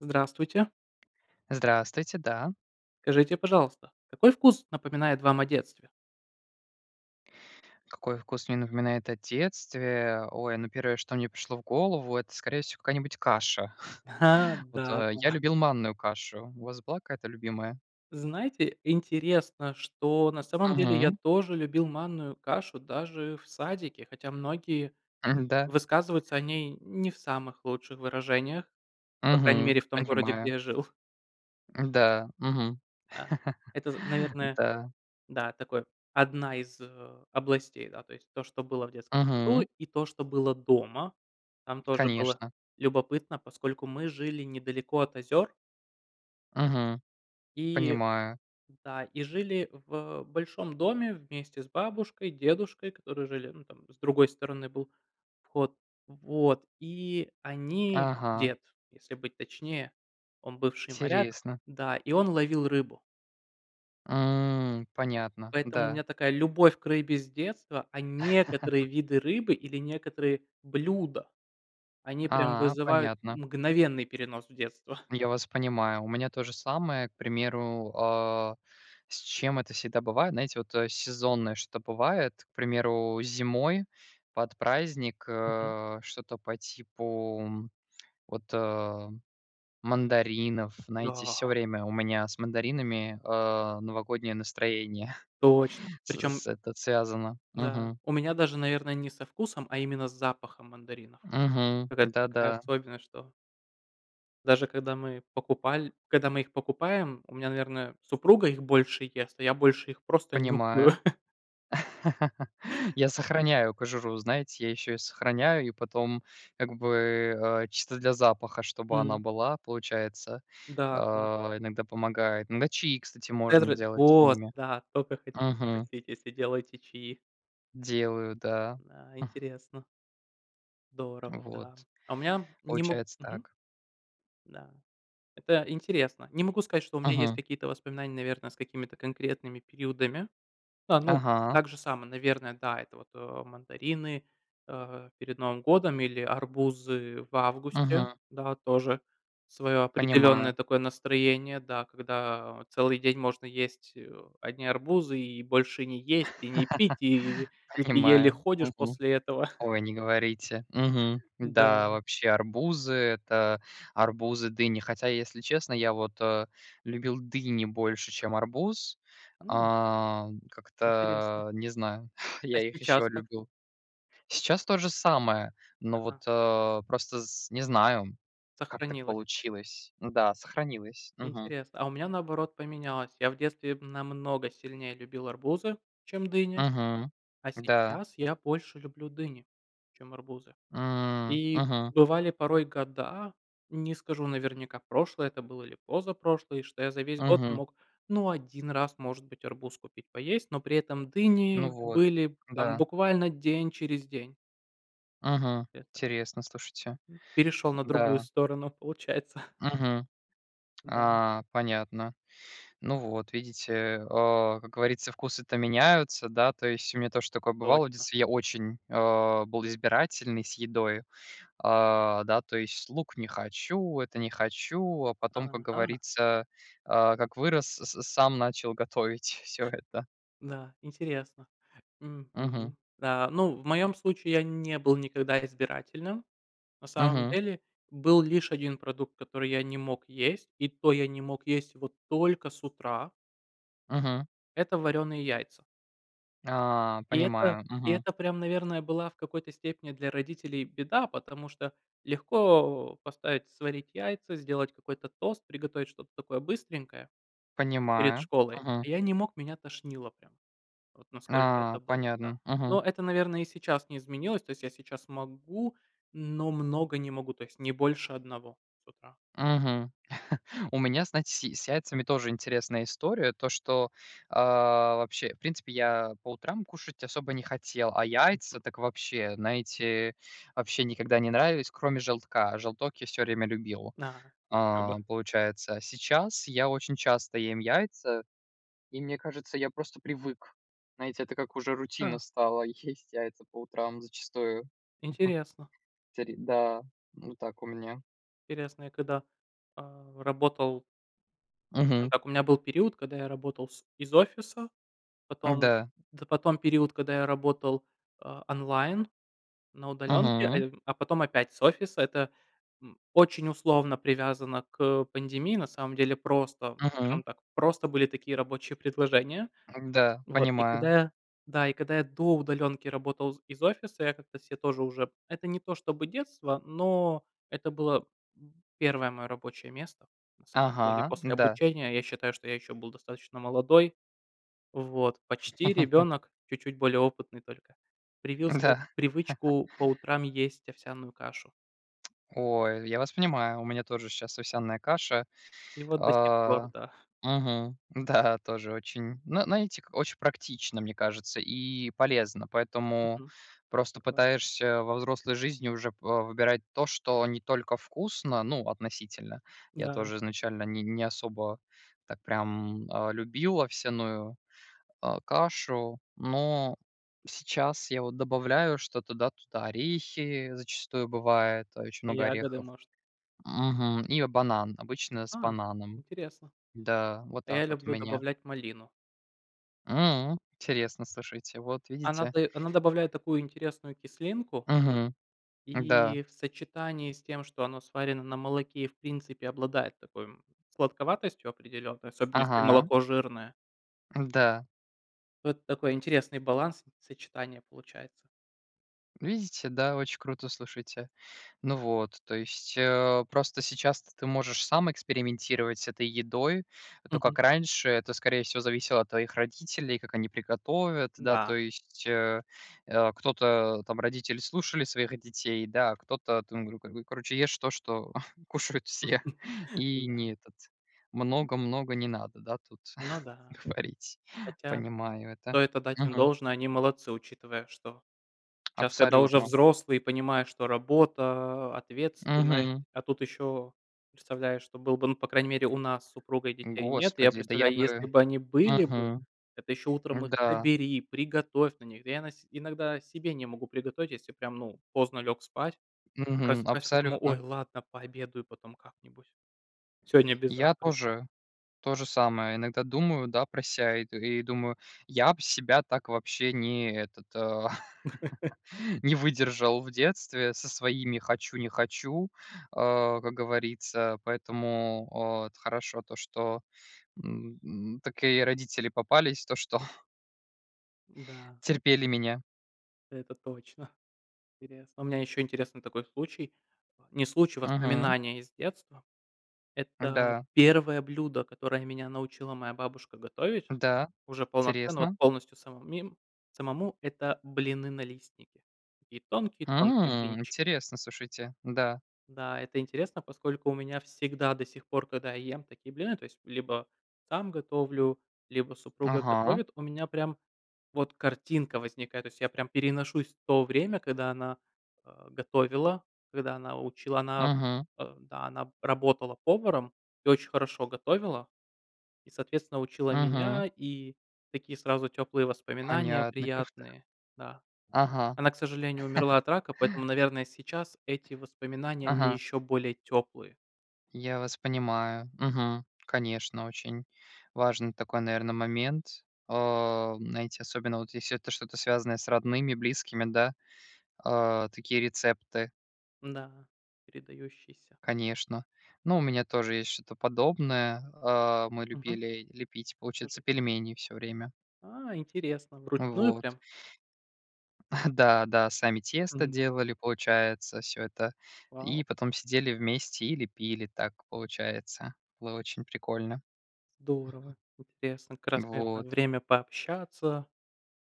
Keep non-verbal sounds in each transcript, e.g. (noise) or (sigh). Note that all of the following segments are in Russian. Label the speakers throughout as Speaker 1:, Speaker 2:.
Speaker 1: Здравствуйте.
Speaker 2: Здравствуйте. Да.
Speaker 1: Скажите, пожалуйста, какой вкус напоминает вам о детстве?
Speaker 2: Какой вкус мне напоминает о детстве? Ой, ну 1, что мне пришло в голову, это, скорее всего, какая-нибудь каша.
Speaker 1: Ха,
Speaker 2: (chuckles) Вот.
Speaker 1: да,
Speaker 2: Я
Speaker 1: да.
Speaker 2: любил манную кашу. У вас была какая-то любимая?
Speaker 1: Знаете, интересно, что на самом деле я
Speaker 2: Мгм.
Speaker 1: тоже любил манную кашу даже в садике, хотя многие
Speaker 2: М-да.
Speaker 1: высказываются о ней не в самых лучших выражениях. По крайней
Speaker 2: Мгм.
Speaker 1: мере в том городе, где
Speaker 2: Понимаю.
Speaker 1: я жил.
Speaker 2: М-да. Мгм.
Speaker 1: Да.
Speaker 2: (chuckles)
Speaker 1: Это, з наверное,
Speaker 2: Да.
Speaker 1: да, такое, одна из областей. Да. То есть то, что было в детском саду,
Speaker 2: Мгм.
Speaker 1: и то, что было дома. Там тоже было
Speaker 2: Конечно.
Speaker 1: любопытно, поскольку мы жили недалеко от озер.
Speaker 2: Мгм.
Speaker 1: И
Speaker 2: Понимаю.
Speaker 1: да, и жили в большом доме вместе с бабушкой, дедушкой, которые жили, ну, там, с другой стороны был вход, вот. И они
Speaker 2: Ага.
Speaker 1: дед, если быть точнее. Он бывший моряк,
Speaker 2: Интересно.
Speaker 1: да, и он ловил рыбу.
Speaker 2: М. Понятно,
Speaker 1: Поэтому у
Speaker 2: да.
Speaker 1: меня такая любовь к рыбе с детства, а некоторые
Speaker 2: (chuckles)
Speaker 1: виды рыбы или некоторые блюда- они прям
Speaker 2: А,
Speaker 1: вызывают
Speaker 2: понятно.
Speaker 1: мгновенный перенос в детство.
Speaker 2: Я вас понимаю. У меня то же самое, к примеру, э, с чем это всегда бывает. Знаете, вот, э, сезонное что-то бывает, к примеру, зимой под праздник,
Speaker 1: Мгм.
Speaker 2: э, что-то по типу, вот, э, мандаринов. Знаете, всё
Speaker 1: Да.
Speaker 2: время у меня с мандаринами, э, новогоднее настроение,
Speaker 1: Точно!
Speaker 2: с
Speaker 1: Причем.
Speaker 2: с это связано.
Speaker 1: Да, у меня даже, наверно, не со вкусом, а именно с запахом мандаринов.
Speaker 2: Мгм.
Speaker 1: Какая-то такая
Speaker 2: Да-да.
Speaker 1: особенность, что даже когда мы покупаль когда мы их покупаем, у меня, наверное, супруга их больше ест, а я больше их просто нюхаю.
Speaker 2: Понимаю. (chuckles) Я сохраняю кожуру, знаете, я ещё её сохраняю и потом, как бы, э, чисто для запаха, чтобы она
Speaker 1: М.
Speaker 2: была, получается, э,
Speaker 1: Да, да.
Speaker 2: иногда помогает. Иногда чаи, кстати, можно
Speaker 1: (unintelligible)
Speaker 2: делать с
Speaker 1: Вот
Speaker 2: ними.
Speaker 1: да, только хотела
Speaker 2: Мгм.
Speaker 1: спросить, если делаете чаи!
Speaker 2: Делаю, да.
Speaker 1: Да.
Speaker 2: (chuckles)
Speaker 1: Интересно. Здорово,
Speaker 2: Вот,
Speaker 1: да. А у меня не могу
Speaker 2: получается
Speaker 1: Мгм.
Speaker 2: так.
Speaker 1: Да. Это интересно. Не могу сказать, что у меня есть
Speaker 2: Мгм.
Speaker 1: какие-то воспоминания, наверно, с какими-то конкретными периодами. А, ну,
Speaker 2: Ага.
Speaker 1: так же само, наверно, да, это вот мандарины, э, перед Новым годом или арбузы в августе.
Speaker 2: Мгм.
Speaker 1: Да, тоже своё определённое
Speaker 2: Понимаю.
Speaker 1: такое настроение, да, когда вот целый день можно есть, э, одни арбузы и больше не есть, и не пить, и
Speaker 2: (laughs)
Speaker 1: и ты еле
Speaker 2: Понимаю.
Speaker 1: ходишь
Speaker 2: Мгм.
Speaker 1: после этого. (chuckles)
Speaker 2: Ой, не говорите. Мгм. Да,
Speaker 1: Да.
Speaker 2: вообще арбузы- это арбузы, дыни. Хотя, если честно, я вот, э, любил дыни больше, чем арбуз.
Speaker 1: М.
Speaker 2: А,
Speaker 1: Интересно.
Speaker 2: как-то не знаю, (chuckles)
Speaker 1: А
Speaker 2: я их еще
Speaker 1: сейчас как?
Speaker 2: любил. Сейчас то же самое, но, вот,
Speaker 1: Ага.
Speaker 2: э, просто с не знаю, как так
Speaker 1: Сохранилось.
Speaker 2: получилось. Н-да, сохранилось. Мгм.
Speaker 1: Интересно, а у меня наоборот поменялось. Я в детстве намного сильнее любил арбузы, чем дыни,
Speaker 2: Мгм.
Speaker 1: а
Speaker 2: Да.
Speaker 1: сейчас я больше люблю дыни, чем арбузы.
Speaker 2: М,
Speaker 1: И
Speaker 2: мгм.
Speaker 1: бывали порой года, не скажу наверняка, прошлые это были или позапрошлые, что я за весь год
Speaker 2: Мгм.
Speaker 1: мог, ну, 1 раз, может быть, арбуз купить поесть, но при этом
Speaker 2: Ну
Speaker 1: дыни
Speaker 2: вот,
Speaker 1: были там
Speaker 2: да.
Speaker 1: буквально день через день.
Speaker 2: Мгм.
Speaker 1: Это,
Speaker 2: Интересно, слушайте.
Speaker 1: мгм, перешел на другую
Speaker 2: Да.
Speaker 1: сторону, получается.
Speaker 2: Мгм.
Speaker 1: Да.
Speaker 2: А, понятно. Ну вот видите, а, как говорится, вкусы-то меняются, да, то есть у меня тоже такое бывало: в
Speaker 1: Точно.
Speaker 2: детстве я очень, э, был избирательный с едой, а, да, то есть лук не хочу, это не хочу, а потом, как
Speaker 1: Ага.
Speaker 2: говорится, а, как вырос, с с сам начал готовить всё это.
Speaker 1: Да, интересно.
Speaker 2: Мгм.
Speaker 1: Мгм. А, ну, в моем случае я не был никогда избирательным, на самом
Speaker 2: Мгм.
Speaker 1: деле, был лишь 1 продукт, который я не мог есть, и то я не мог есть его только с утра.
Speaker 2: Мгм.
Speaker 1: Это варёные яйца.
Speaker 2: А,
Speaker 1: И это,
Speaker 2: понимаю,
Speaker 1: и
Speaker 2: мгм.
Speaker 1: это прям, наверное, была в какой-то степени для родителей беда, потому что легко поставить сварить яйца, сделать какой-то тост, приготовить что-то такое быстренькое перед
Speaker 2: Понимаю,
Speaker 1: школой.
Speaker 2: мгм.
Speaker 1: А я не мог, меня тошнило прям, вот насколько
Speaker 2: А,
Speaker 1: это было, да.
Speaker 2: понятно, мгм.
Speaker 1: Но это, наверное, и сейчас не изменилось, то есть я сейчас могу, но много не могу, то есть не больше 1 с утра.
Speaker 2: Мгм. (chuckles) У меня, знаете, с с яйцами тоже интересная история, то, что, а, вообще В принципе, я по утрам кушать особо не хотел, а яйца-
Speaker 1: Мгм.
Speaker 2: так вообще, знаете, вообще никогда не нравились, кроме желтка. Желток я всё время любил,
Speaker 1: На. Хоба
Speaker 2: а, получается. А сейчас я очень часто ем яйца и, мне кажется, я просто привык. Знаете, это как уже рутина
Speaker 1: А.
Speaker 2: стала- есть яйца по утрам зачастую. Мгм.
Speaker 1: Интересно.
Speaker 2: Тери Да, вот так у меня.
Speaker 1: Интересно. Я когда, а, работал
Speaker 2: Мгм.
Speaker 1: Так у меня был период, когда я работал с из офиса, потом,
Speaker 2: Да.
Speaker 1: да, потом период, когда я работал, а, онлайн, на удаленке, а,
Speaker 2: Мгм.
Speaker 1: я а потом опять с офиса. Это, м, очень условно привязано к пандемии. На самом деле, просто,
Speaker 2: Мгм.
Speaker 1: скажем так, просто были такие рабочие предложения.
Speaker 2: Да.
Speaker 1: Вот, и когда
Speaker 2: Понимаю.
Speaker 1: я Да, и когда я до удаленки работал з из офиса, я как-то себе тоже уже Это не то, чтобы детство, но это было, м, 1 мое рабочее место, на самом деле,
Speaker 2: Ага.
Speaker 1: после
Speaker 2: Да.
Speaker 1: обучения. Я считаю, что я еще был достаточно молодой. Вот. Почти
Speaker 2: (laughs)
Speaker 1: ребенок, чуть-чуть более опытный только, привил се
Speaker 2: Да. (chuckles)
Speaker 1: привычку по утрам есть овсяную кашу.
Speaker 2: (tsk) Ой, я вас понимаю, у меня тоже щас овсяная каша,
Speaker 1: И вот до сих пор,
Speaker 2: а.
Speaker 1: да.
Speaker 2: Мгм. Да, тоже очень. Но, знаете, очень практично, мне кажется, и полезно. Поэтому
Speaker 1: Мгм.
Speaker 2: просто
Speaker 1: Такое.
Speaker 2: пытаешься во взрослой жизни уже, па выбирать то, что не только вкусно, ну, относительно. Я
Speaker 1: Да.
Speaker 2: тоже изначально ни не особо так прям, а, любил овсяную, а, кашу. Но сейчас я вот добавляю что-то, да, туда. Орехи зачастую бывает. Очень много
Speaker 1: Ягоды,
Speaker 2: орехов.
Speaker 1: может?
Speaker 2: Мгм. И банан, обычно с
Speaker 1: А.
Speaker 2: бананом.
Speaker 1: Интересно.
Speaker 2: Да, вот
Speaker 1: А
Speaker 2: так
Speaker 1: я
Speaker 2: вот у
Speaker 1: люблю
Speaker 2: меня.
Speaker 1: добавлять малину.
Speaker 2: М. Интересно, слушайте. Вот
Speaker 1: Она
Speaker 2: видите.
Speaker 1: дае она добавляет такую интересную кислинку
Speaker 2: Мгм. Да.
Speaker 1: и в сочетании с тем, что оно сварено на молоке и, в принципе, обладает такой, м, сладковатостью определенной, особенно, если
Speaker 2: Ага.
Speaker 1: молоко жирное.
Speaker 2: Да.
Speaker 1: Вот такой интересный баланс и сочетание получается.
Speaker 2: Видите? Да, очень круто, слушайте. Ну вот, то есть, а, просто сейчас то ты можешь сам экспериментировать с этой едой. То, как
Speaker 1: Мгм.
Speaker 2: раньше, это, скорее всего, зависело от твоих родителей, как они приготовят, да, то
Speaker 1: Да.
Speaker 2: есть, а, а, кто-то, там, родители, слушали своих детей, да, а кто-то там говорил: "Короче, ешь то, что (chuckles) кушают все,
Speaker 1: (chuckles)
Speaker 2: и
Speaker 1: Да.
Speaker 2: не этот,
Speaker 1: М.
Speaker 2: много много не надо, да, тут
Speaker 1: Ну да.
Speaker 2: (chuckles) говорить".
Speaker 1: Хотя,
Speaker 2: Понимаю это.
Speaker 1: стоит отдать им
Speaker 2: Мгм.
Speaker 1: должное, они молодцы, учитывая, что
Speaker 2: (tsk)
Speaker 1: щас, когда уже
Speaker 2: Абсолютно.
Speaker 1: взрослые, понимаешь, что работа, ответственность,
Speaker 2: Мгм.
Speaker 1: а тут еще, представляешь, что было бы. Ну, по крайней мере, у нас с супругой- детей нет. И я
Speaker 2: Господи, да я
Speaker 1: представляю: если
Speaker 2: бы
Speaker 1: бы они были бы,
Speaker 2: Мгм.
Speaker 1: это еще утром их
Speaker 2: Да.
Speaker 1: собери, приготовь на них. Да я на се иногда себе не могу приготовить, если прям, ну, поздно лег спать.
Speaker 2: Мгм.
Speaker 1: Просыпаюсь такой, думаю: ой,
Speaker 2: Абсолютно.
Speaker 1: ладно, пообедаю потом как-нибудь. Сегодня без
Speaker 2: Я
Speaker 1: завтра
Speaker 2: тоже. То же самое иногда думаю, да, про ся, и т и думаю: я бы себя так вообще, не этот, (laughs)
Speaker 1: (laughs)
Speaker 2: не выдержал в детстве со своими "хочу- не хочу", а, как говорится. Поэтому, о, вот хорошо то, что, м, м, такие родители попались, то что
Speaker 1: Да.
Speaker 2: Терпели меня.
Speaker 1: Это точно. Интересно. У меня еще интересный такой случай. Не случай,
Speaker 2: Мгм.
Speaker 1: воспоминания из детства. Это
Speaker 2: Да.
Speaker 1: 1 блюдо, которое меня научила моя бабушка готовить
Speaker 2: Да.
Speaker 1: уже полноценно, вот
Speaker 2: Интересно.
Speaker 1: полностью самому мем самому. Это блины-налистники. Такие тонкие-тонкие
Speaker 2: М.
Speaker 1: блинчики.
Speaker 2: Интересно, слушайте, да.
Speaker 1: Да, это интересно, поскольку у меня всегда до сих пор, когда я ем такие блины- то есть либо сам готовлю, либо супруга
Speaker 2: Ага.
Speaker 1: готовит- у меня прям вот картинка возникает. То есть я прям переношусь в то время, когда она, а, готовила, когда она учила. Она,
Speaker 2: Мгм.
Speaker 1: а, да, она б работала поваром и очень хорошо готовила, и, соответственно, учила
Speaker 2: Мгм.
Speaker 1: меня, и такие сразу теплые воспоминания
Speaker 2: Понятно. Кроф то.
Speaker 1: приятные. Да.
Speaker 2: Ага.
Speaker 1: Она, к сожалению, умерла от рака, поэтому,
Speaker 2: (laughs)
Speaker 1: наверное, сейчас эти воспоминания- они
Speaker 2: Ага.
Speaker 1: еще более теплые.
Speaker 2: Я вас понимаю. Мгм. Конечно, очень важный такой, наверно, момент. О, знаете, особенно, если вот это что-то, связанное с родными, близкими, да. А, такие рецепты.
Speaker 1: Да, передающийся.
Speaker 2: Конечно, но у меня тоже есть что-то подобное, а, мы
Speaker 1: Мгм.
Speaker 2: любили лепить,
Speaker 1: Расскажите.
Speaker 2: получается, пельмени всё время.
Speaker 1: А, интересно. Вручную
Speaker 2: Вот.
Speaker 1: прям?
Speaker 2: (chuckles) Да да, сами тесто
Speaker 1: Мгм.
Speaker 2: делали, получается, всё это.
Speaker 1: Вау.
Speaker 2: И потом сидели вместе и лепили так, получается. Было очень прикольно.
Speaker 1: Здорово, интересно. Как раз, наверное,
Speaker 2: Вот.
Speaker 1: время пообщаться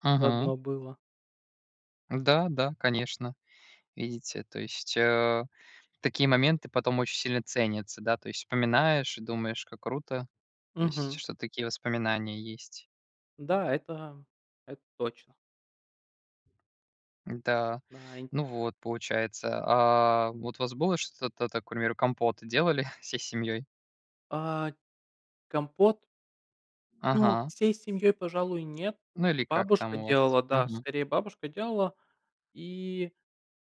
Speaker 2: Мгм.
Speaker 1: заодно было.
Speaker 2: Да да, конечно, видите, то есть, а, такие моменты потом очень сильно ценятся, да. То есть вспоминаешь, и думаешь, как круто, то есть,
Speaker 1: Мгм.
Speaker 2: что такие воспоминания есть.
Speaker 1: Да, это это точно.
Speaker 2: Да.
Speaker 1: Наин.
Speaker 2: Ну вот, получается. А вот у вас было что-то, та так, к примеру, компот делали (chuckles) всей семьей?
Speaker 1: А, компот? Ну,
Speaker 2: Ага.
Speaker 1: всей семьей, пожалуй, нет.
Speaker 2: Ну или как
Speaker 1: Бабушка
Speaker 2: там у вас?
Speaker 1: делала, да.
Speaker 2: Мгм.
Speaker 1: Скорее, бабушка делала. И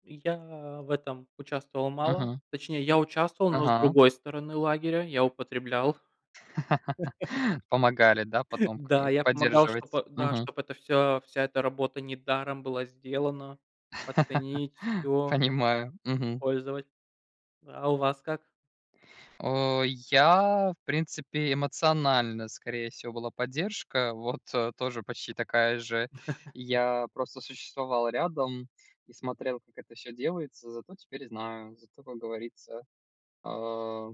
Speaker 1: я в этом участвовал мало.
Speaker 2: Мгм.
Speaker 1: Точнее, я участвовал, но, с
Speaker 2: Ага.
Speaker 1: другой стороны лагеря, я употреблял. (laughs)
Speaker 2: (laughs) Помогали да, потом к
Speaker 1: Да, я помогал, да,
Speaker 2: поддерживать.
Speaker 1: чтобы, да,
Speaker 2: Мгм.
Speaker 1: чтобы эта вся вся эта работа недаром была сделана. Оценить
Speaker 2: (laughs)
Speaker 1: всё.
Speaker 2: Понимаю. Мгм.
Speaker 1: Пользовать. Э, а у вас как?
Speaker 2: Э, я, в принципе, эмоционально скорее всего была поддержка вот тоже почти такая же.
Speaker 1: (chuckles)
Speaker 2: Я просто существовал рядом, и смотрел как это всё делается. Зато теперь знаю, зато как говорится, э,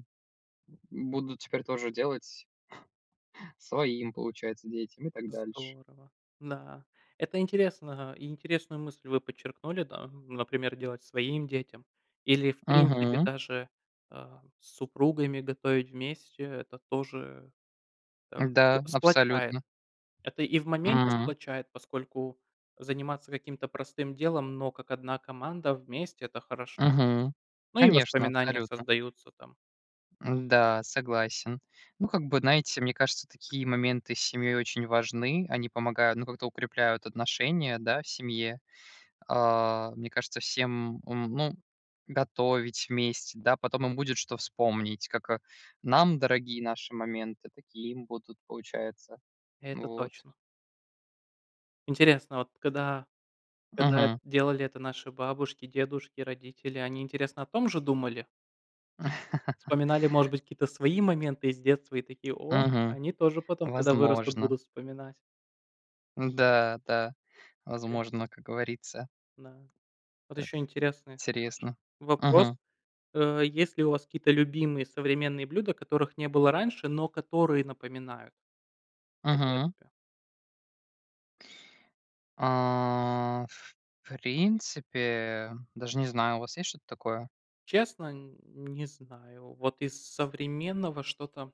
Speaker 2: буду теперь тоже делать, (chuckles) своим получается, детям, и так дальше.
Speaker 1: Здорово, да. Это интересно, а, и интересную мысль вы подчеркнули, да. Например, делать своим детям, или, в принципе,
Speaker 2: Мгм.
Speaker 1: даже, э, с супругами готовить вместе это тоже, э,
Speaker 2: Да,
Speaker 1: сплачает.
Speaker 2: абсолютно.
Speaker 1: Это и в моменте
Speaker 2: М.
Speaker 1: сплачает, поскольку заниматься каким-то простым делом, но как одна команда, вместе- это хорошо.
Speaker 2: Мгм.
Speaker 1: Ну, и
Speaker 2: Конечно,
Speaker 1: воспоминания
Speaker 2: абсолютно.
Speaker 1: создаются там.
Speaker 2: М-да, согласен. Ну как бы, знаете, мне кажется, такие моменты с семьей очень важны. Они помогают, ну как-то, укрепляют отношения, да, в семье. Э, мне кажется, всем ум ну готовить вместе. Да, потом им будет, что вспомнить, как, а, нам, дорогие наши моменты, такие им будут, получается.
Speaker 1: Это
Speaker 2: Вот.
Speaker 1: точно. Интересно, а вот когда когда
Speaker 2: Мгм.
Speaker 1: делали это наши бабушки, дедушки, родители, они, интересно, о том же думали?
Speaker 2: (laughs)
Speaker 1: Вспоминали, может быть, какие-то свои моменты из детства и такие: "О,
Speaker 2: Мгм.
Speaker 1: они тоже потом, когда вырастут,
Speaker 2: Возможно.
Speaker 1: будут вспоминать!"
Speaker 2: Да, да
Speaker 1: (unintelligible)
Speaker 2: возможно, как говорится.
Speaker 1: Да. Вот
Speaker 2: Это
Speaker 1: еще интересный ваш
Speaker 2: интересно.
Speaker 1: вопрос.
Speaker 2: Мгм.
Speaker 1: Э, есть ли у вас какие-то любимые современные блюда, которых не было раньше, но которые напоминают о
Speaker 2: Мгм.
Speaker 1: детстве.
Speaker 2: Э, в принципе, даже не знаю. У вас есть что-то такое?
Speaker 1: Честно, нь не знаю. Вот из с современного что-то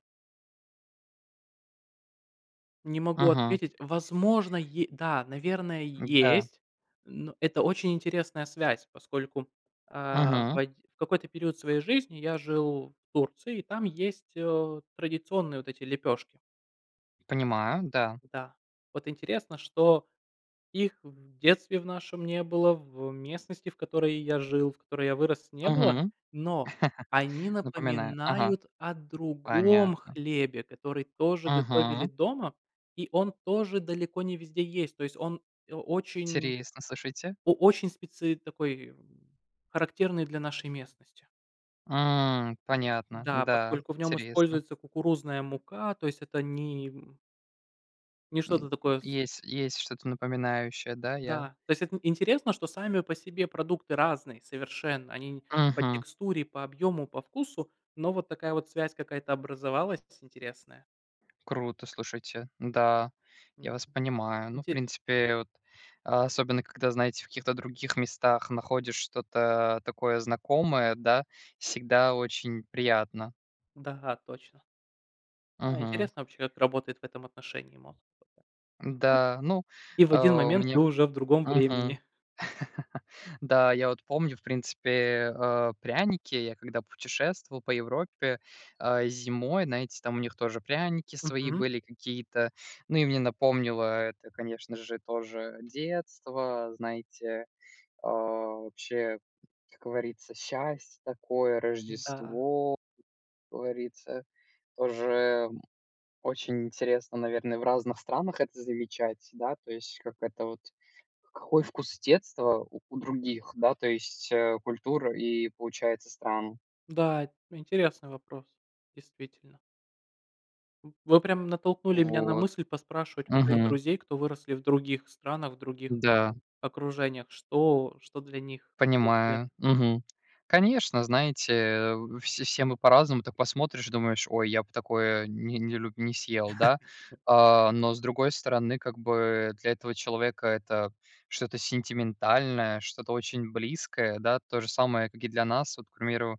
Speaker 1: не могу
Speaker 2: Мгм.
Speaker 1: отметить. Возможно, е да, наверное,
Speaker 2: Да.
Speaker 1: есть. Ну, это очень интересная связь, поскольку, э, в
Speaker 2: Мгм.
Speaker 1: одь в какой-то период своей жизни я жил в Турции, и там есть, э, традиционные вот эти лепешки.
Speaker 2: Понимаю, да.
Speaker 1: Да, вот интересно, что их в детстве в нашем не было, в местности, в которой я жил, в которой я вырос,
Speaker 2: Мгм.
Speaker 1: не было.
Speaker 2: (laughs)
Speaker 1: Но, они
Speaker 2: Напоминаю, ага.
Speaker 1: напоминают о другом
Speaker 2: Понятно.
Speaker 1: хлебе, который тоже готовили
Speaker 2: Мгм.
Speaker 1: дома. И он тоже далеко не везде есть. То есть он о очень
Speaker 2: Интересно, слушайте.
Speaker 1: о очень специ такой, характерный для нашей местности.
Speaker 2: М, понятно.
Speaker 1: Да,
Speaker 2: Да,
Speaker 1: поскольку в нем
Speaker 2: интересно.
Speaker 1: используется кукурузная мука, то есть это ни м не
Speaker 2: М,
Speaker 1: что-то такое с
Speaker 2: есть есть что-то напоминающее. Да, я
Speaker 1: Да, то есть эт н интересно, что сами по себе продукты разные совершенно. Они по
Speaker 2: Мгм.
Speaker 1: текстуре, по объему, по вкусу, но вот такая вот связь какая-то образовалась интересная.
Speaker 2: Круто, слушайте. Да, я
Speaker 1: М-да,
Speaker 2: вас понимаю, но, в
Speaker 1: интере
Speaker 2: принципе, вот особенно, когда, знаете, в каких-то других местах находишь что-то такое знакомое, да, всегда очень приятно.
Speaker 1: Да, точно. Да,
Speaker 2: Мгм.
Speaker 1: интересно, вообще, как работает в этом отношении мозг.
Speaker 2: Да, ну,
Speaker 1: И в
Speaker 2: э,
Speaker 1: один
Speaker 2: у
Speaker 1: момент ты
Speaker 2: меня
Speaker 1: уже в другом
Speaker 2: Мгм.
Speaker 1: времени.
Speaker 2: Да, я вот помню, в принципе, э, пряники. Я, когда путешествовал по Европе, э, зимой, знаете, там у них тоже пряники свои
Speaker 1: Мгм.
Speaker 2: были какие-то. Ну и мне напомнило это, конечно же, тоже детство, знаете, э, вообще, как говорится, счастье такое,
Speaker 1: Да.
Speaker 2: Рождество. Как говорится, тоже, м, очень интересно, наверное, в разных странах это замечать, да. То есть, как это вот, какой вкус детства у у других, да, то есть, э, культур и получается стран.
Speaker 1: Да, это интересный вопрос, действительно. М, вы прямо натолкнули меня на
Speaker 2: Вот.
Speaker 1: мысль поспрашивать
Speaker 2: Мгм.
Speaker 1: друзей, кто выросли в других странах, других
Speaker 2: Да.
Speaker 1: окружениях. Что что для них вкус
Speaker 2: Понимаю,
Speaker 1: детства.
Speaker 2: мгм. Конечно, знаете все се мы по-разному так посмотришь думаешь: "Ой я бы такое не не люб не съел", да,
Speaker 1: (chuckles)
Speaker 2: э, но с другой стороны как бы для этого человека- это что-то сентиментальное что-то очень близкое, да. То же самое как и для нас, вот к примеру,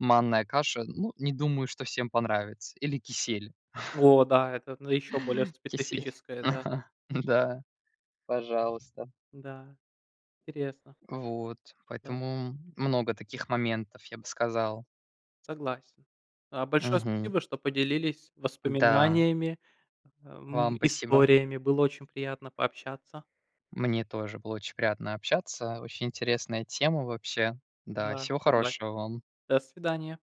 Speaker 2: манная каша. Ну, не думаю что всем понравится или кисель.
Speaker 1: О да, это, ну, еще более
Speaker 2: (laughs) Кисель.
Speaker 1: специфическое, да.
Speaker 2: (chuckles) Да, пожалуйста.
Speaker 1: Да, интересно.
Speaker 2: Вот,
Speaker 1: Да.
Speaker 2: поэтому много таких моментов, я бы сказал.
Speaker 1: Согласен. Э, большое
Speaker 2: Мгм.
Speaker 1: спасибо, что поделились
Speaker 2: Да.
Speaker 1: воспоминаниями, эм,
Speaker 2: Вам спасибо.
Speaker 1: историями. Было очень приятно пообщаться.
Speaker 2: Мне тоже было очень приятно общаться. Очень интересная тема, вообще. Да
Speaker 1: Да,
Speaker 2: всего
Speaker 1: согласен.
Speaker 2: хорошего вам!
Speaker 1: До свидания!